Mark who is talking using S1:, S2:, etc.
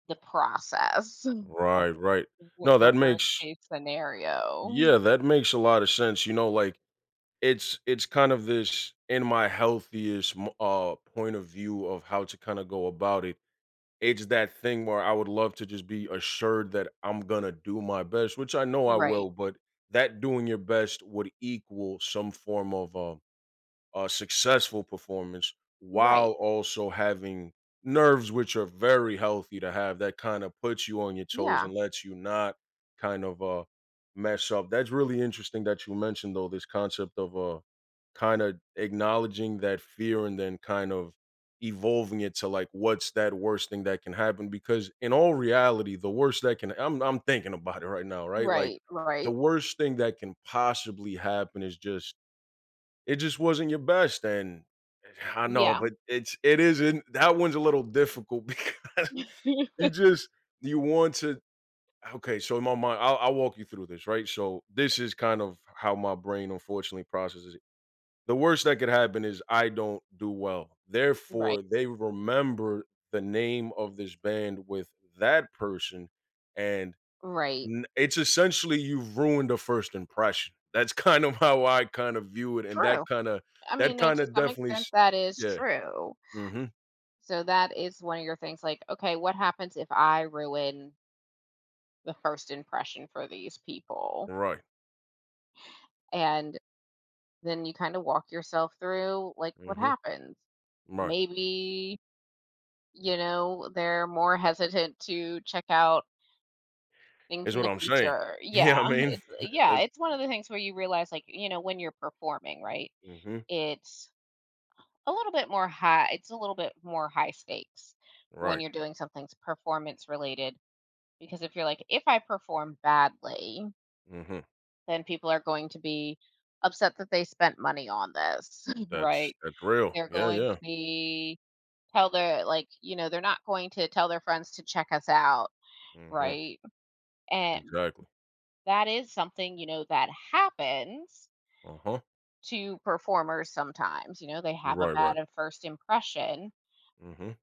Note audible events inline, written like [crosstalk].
S1: The process [chuckles] of
S2: Right, right.
S1: w
S2: No,
S1: w the
S2: that
S1: worst
S2: makes
S1: case scenario.
S2: Yeah, that makes a lot of sense. You know, like, it's it's kind of this in my healthiest m uh, point of view of how to kinda go about it. It's that thing where I would love to just be assured that I'm gonna do my best, which I know I
S1: Right.
S2: will, but that doing your best would equal some form of a a successful performance while
S1: Right.
S2: also having nerves, which are very healthy to have, that kind of puts you on your toes
S1: Yeah.
S2: and lets you not kind of, uh, mess up. That's really interesting that you mentioned, though, this concept of, uh, kinda acknowledging that fear and then kind of evolving it to, like, what's that worst thing that can happen? Because in all reality, the worst that can I'm I'm thinking about it right now, right? Like
S1: Right.
S2: the
S1: Right.
S2: worst thing that can possibly happen is just, it just wasn't your best. And I know,
S1: Yeah.
S2: but it's it isn't, that one's a little difficult because you
S1: [laughs]
S2: just, you want to okay, so in my mind, I I'll walk you through this, right? So this is kind of how my brain unfortunately processes it. The worst that could happen is I don't do well.
S1: Right.
S2: Therefore, they remember the name of this band with that person, and
S1: Right.
S2: n it's essentially you've ruined a first impression. That's kind of how I kinda view it. And that
S1: True.
S2: kinda
S1: I
S2: that
S1: mean, it
S2: kinda
S1: to some
S2: definitely
S1: extent,
S2: s
S1: that is
S2: yeah.
S1: true.
S2: Mhm.
S1: So that is one of your things, like, "Okay, what happens if I ruin" the first impression for these people?
S2: Right.
S1: And then you kinda walk yourself through, like, "What
S2: Mhm.
S1: happen?"
S2: Right.
S1: Maybe, you know, they're more hesitant to check out things
S2: It's
S1: in
S2: what
S1: the
S2: I'm saying.
S1: future.
S2: You know
S1: Yeah.
S2: what I mean?
S1: It's yeah,
S2: That's
S1: it's one of the things where you realize, like, you know, when you're performing, right,
S2: Mhm.
S1: it's a little bit more high it's a little bit more high stakes when
S2: Right.
S1: you're doing somethings performance-related. Because if you're like, if I perform badly
S2: Mhm.
S1: then people are going to be upset that they spent money on this, [chuckles]
S2: That's
S1: right?
S2: that's real.
S1: They're
S2: Yeah,
S1: going
S2: yeah.
S1: to be tell their, like, you know, they're not going to tell their friends to check us out,
S2: Mhm.
S1: right? A
S2: Exactly.
S1: that is something, you know, that happens
S2: Uh-huh.
S1: to performers sometimes. You know, they have a
S2: Right, right.
S1: bad at first impression,
S2: Mhm.